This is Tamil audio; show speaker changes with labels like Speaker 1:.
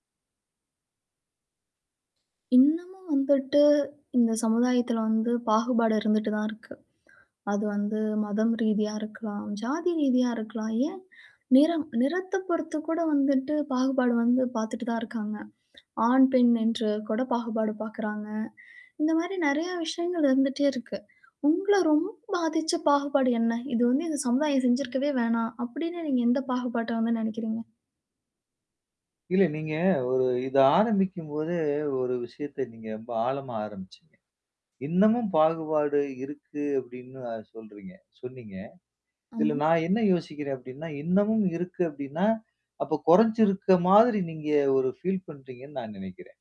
Speaker 1: இன்னமும் வந்துட்டு, இந்த சமுதாயத்தில வந்து, பாகுபாடு இருந்துட்டு தான் இருக்கு. அது வந்து, மதம் ரீதியா இருக்கலாம், ஜாதி ரீதியா இருக்கலாம். ஏன்? நிறம் நிறத்தைப் பொறுத்து கூட வந்துட்டு பாகுபாடு வந்து பாத்துட்டு தான் இருக்காங்க. ஆண், பெண் என்று கூட பாகுபாடு பாக்குறாங்க. இந்த மாரி நிறைய விஷயங்கள் இருந்துட்டே இருக்கு. உங்கள ரொம்ப பாதிச்ச பாகுபாடு என்ன? "இத வந்து இந்த சமுதாயம் செஞ்சிருக்கவே வேணாம்!" அப்படின்னு, நீங்க எந்த பாகுபாட்டை வந்து நினைக்கிறீங்க?
Speaker 2: இல்ல. நீங்க ஒரு இதை ஆரம்பிக்கும் போதே, ஒரு விஷயத்த நீங்க ரொம்ப ஆழமா ஆரம்ப்ச்சீங்க. இன்னமும் பாகுபாடு இருக்கு அப்படின்னு சொல்றீங்க சொன்னீங்க. இதில
Speaker 1: ஆமா.
Speaker 2: நான் என்ன யோசிக்கிறேன்? அப்படின்னா, இன்னமும் இருக்கு அப்படின்னா, அப்போ கொறைஞ்சிருக்க மாதிரி, நீங்க ஒரு ஃபீல் பண்றீங்கன்னு நான் நெனைக்கிறேன்.